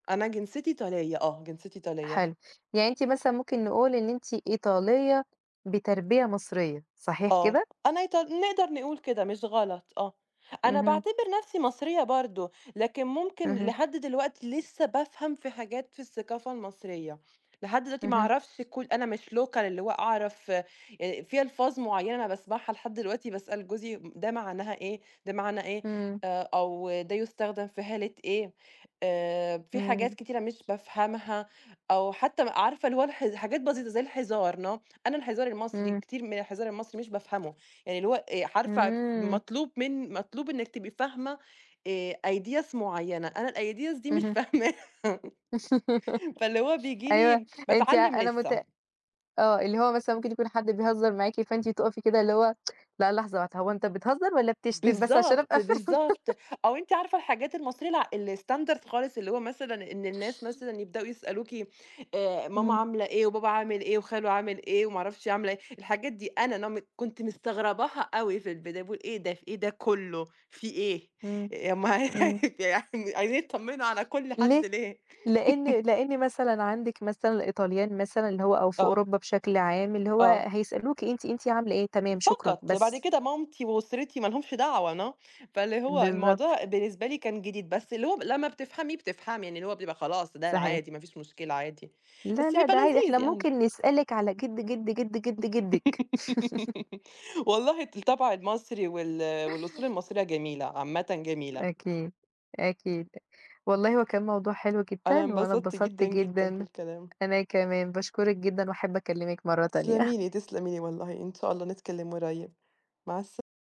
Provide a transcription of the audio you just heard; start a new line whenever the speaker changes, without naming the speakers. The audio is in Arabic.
أنا جنسيتي إيطالية، آه، جنسيتي إيطالية.
حلو، يعني أنتِ مثلًا ممكن نقول إن أنتِ إيطالية بتربية مصرية، صحيح
آه،
كده؟
أنا إيط نقدر نقُول كده، مش غلط، آه، أنا
اهم.
باعتبر نَفْسي مصرية برضو، لكن ممكن
اهم.
لحد دلوقتي لِسّه بافهم في حاجات في الثقافة المصرية، لحد دلوقتي ما
اهم.
أعرفش كل أنا مش local اللي هو أعرف آآ، في ألفاظ معيّنة باسمعها لحد دلوقتي باسأل جوزي: "مم ده معناها إيه؟ ده معناه إيه؟
إمم.
آآ، أو ده يستخدم في حالة إيه؟" آآ، فيه حاجات
إمم.
كتيرة مش بافهمها، أو حتى عارفة اللي هو اله حاجات بسيطة زي الهزار، no، أنا الهزار المصري
إمم.
كتير من الهزار المصري مش بافهمه، يعني اللي هو آآ، عارفة ف
إمم.
مطلوب من مطلوب إنِك تبقي فاهمة آآ، ideas معيّنة، أنا الideas دي مش
اهم.
فاهماها، فاللي هو بييجي
أيوه،
لي
أنتِ
باتعلم
أنا
لِسّه.
مُتأ آه، اللي هو مثلًا ممكن يكون حد بيهزر معاكِ فأنتِ تُقفي كده اللي هو لأ لحظة واحدة، هو أنت بتهزر والّا بتشتم بس عشان
بالضبط،
أبقى فاهمة.
بالضبط، أو أنتِ عارفة الحاجات المصرية لأ، الstandard خالص، اللي هو مثلًا إن الناس مثلًا يبدأوا يسألوكِ آآ، ماما
إمم.
عاملة إيه وبابا عامِل إيه وخالو عامل إيه وما اعرفش عاملة إيه، الحاجات دي أنا no م كنت مستغرباها أوي في البداية، باقول إيه ده، ف إيه ده كُلّه، فيه إيه؟!
إمم،
يا ام
إمم.
يعني، عايزين يطمنوا على كل
ليه؟
حد ليه.
لإن لإن مثلًا عندك مثلًا الإيطاليين مثلًا اللي هو أو في
آه.
أوروبا بشكل عام اللي هو
آه.
هيسألوكِ أنتِ أنتِ عاملة إيه، تمام، شكرًا،
فقط، بعد
بس.
كده مامتي وأسرتي ما لهمش دعوة، no، فاللي هو
بالضبط.
الموضوع بالنسبة لي كان جديد، بس اللي هو لمّا بتفهمي، بتفهمي، لإن هو بيبقى خلاص ده
صحيح.
العادي، ما فيش مشكلة عادي،
لأ
بس
لأ
بيبقى
ده عا
لذيذ
إحنا
يعني.
ممكن نسألِك على جد جد جد جد جدِك.
والله الطبع المصري وال والأصول المصرية جميلة، عامةً جميلة.
أكيد، أكيد، والله هو كان موضوع حلو
أنا
جدًا وأنا
انبسطت
اتبسطت
جدًا، جدًا في
جدًا،
الكلام.
أنا كمان باشكرِك جدًا وأحب أكلمِك مَرّة تانية.
تسلمي لي، تسلمي لي والله، إن شاء الله نتكلم قريّب، مع الس